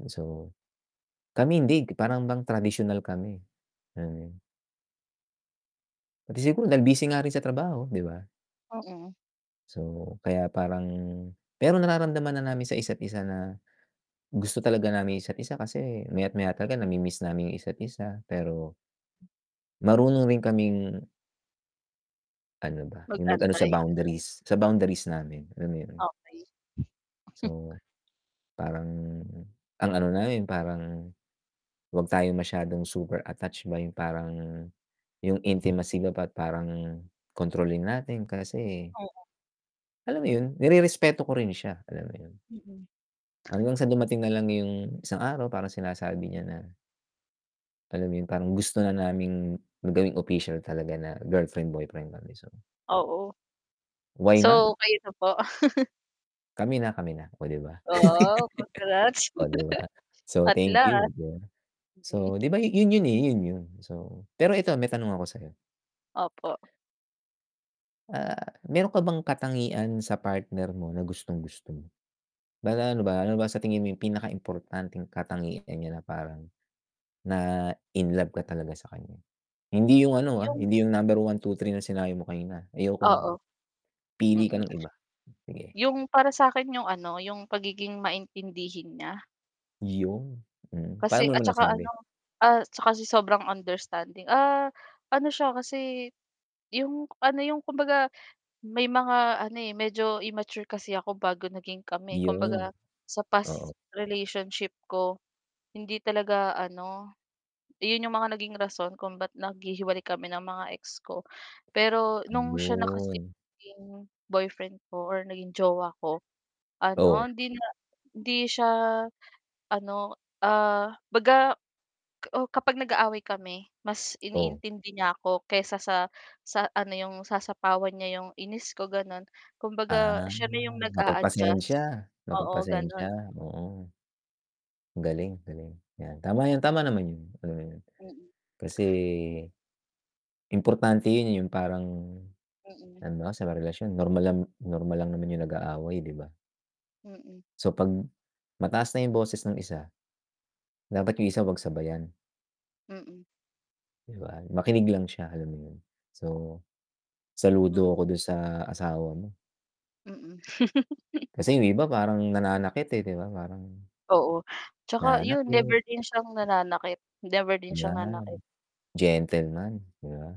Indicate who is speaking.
Speaker 1: And so, kami hindi parang bang tradisyonal kami. Hmm. Pati siguro dahil busy nga rin sa trabaho, 'di ba?
Speaker 2: Mm.
Speaker 1: So, kaya parang pero nararamdaman na namin sa isa't isa na, gusto talaga namin isa't isa kasi maya't maya talaga nami-miss namin yung isa't isa, pero, marunong rin kaming ano ba, yung ma ano sa
Speaker 2: Mag-antay, ganun.
Speaker 1: boundaries, sa boundaries namin alam yun?
Speaker 2: Okey.
Speaker 1: So, parang ang ano na rin, parang, 'wag tayo masyadong super attached ba yung parang, yung intimacy ba't parang kontrolin natin kasi
Speaker 2: Oo.
Speaker 1: alam mo yun? Nirerespeto ko rin siya, alam mo yun?
Speaker 2: Mm.
Speaker 1: Hanggang sa dumating na lang yung isang araw parang sinasabi niya na alam mo yun parang gusto na naming gawing official talaga na girlfriend, boyfriend kami so
Speaker 2: Oo.
Speaker 1: why not?
Speaker 2: So, kayo na po?
Speaker 1: Kami na kami na, oh, di ba?
Speaker 2: Wow, congrats.
Speaker 1: Oh, di ba? So
Speaker 2: At
Speaker 1: thank you
Speaker 2: last.
Speaker 1: dun,
Speaker 2: Hmm.
Speaker 1: so diba yun yon eh, yun yon so pero eto may tanong ako sa'yo.
Speaker 2: Opo.
Speaker 1: Ah, meron ka bang katangian sa partner mo na gustong-gusto mo? Ano ba ano ba sa tingin mo yung pinaka-importanteng katangian niya na parang, na-inlove ka talaga sa kanya? Hindi yung ano ah,
Speaker 2: Yung
Speaker 1: hindi yung number 1, 2, 3 na sinabi mo kanina, ayoko nun.
Speaker 2: Oo.
Speaker 1: Pili ka
Speaker 2: Mm.
Speaker 1: ng iba, sige.
Speaker 2: Yung para sa'kin yung ano, yung pagiging maintindihin niya.
Speaker 1: Yun, hmm,
Speaker 2: Kasi
Speaker 1: paano mo
Speaker 2: at 'tsaka ano,
Speaker 1: nasabi?
Speaker 2: ah, siya kasi sobrang understanding ah, ano siya kasi, yung ano, yung kumbaga, may mga ano eh, medyo immature kasi ako bago naging kami,
Speaker 1: Yun.
Speaker 2: kumbaga, sa past
Speaker 1: Oo.
Speaker 2: relationship ko, hindi talaga ano, yun yung mga naging rason kung ba't naghihiwalay kami ng mga ex ko. Pero nung siya na kasi
Speaker 1: Ayun.
Speaker 2: naging boyfriend ko or naging jowa ko, ano
Speaker 1: Oh.
Speaker 2: hindi na hindi siya ano, ah, 'baga, uh, kapag nag-aaway kami mas
Speaker 1: Oh.
Speaker 2: iniintindi niya ako kaysa sa sa ano 'yong sasapawan niya yung inis ko, ganon, kumbaga
Speaker 1: Ah,
Speaker 2: siya na 'yong nag-aadjust
Speaker 1: mapagpasensya,
Speaker 2: oo
Speaker 1: mapagpasensya,
Speaker 2: ganon.
Speaker 1: oo. Ang galing, galing yan tama yan, tama naman yun, mm,
Speaker 2: Mm.
Speaker 1: kasi, importante yun, yung parang,
Speaker 2: Mm.
Speaker 1: halimbawa sa mga relasyon normal lang normal lang naman yung nag-aaway di ba?
Speaker 2: Mm.
Speaker 1: So 'pag mataas na yung boses ng isa, dapat yung isa 'wag sabayan.
Speaker 2: Mm.
Speaker 1: Di ba? Makinig lang siya alam mo yun, so, saludo ako
Speaker 2: Mm.
Speaker 1: dun sa asawa mo.
Speaker 2: Mm.
Speaker 1: Kasi yung iba parang nananakit eh, di ba parang
Speaker 2: Oo, 'tsaka yun
Speaker 1: nanakit.
Speaker 2: never din siyang nananakit, never din siyang
Speaker 1: Ayan.
Speaker 2: nanakit.
Speaker 1: Gentleman, di ba?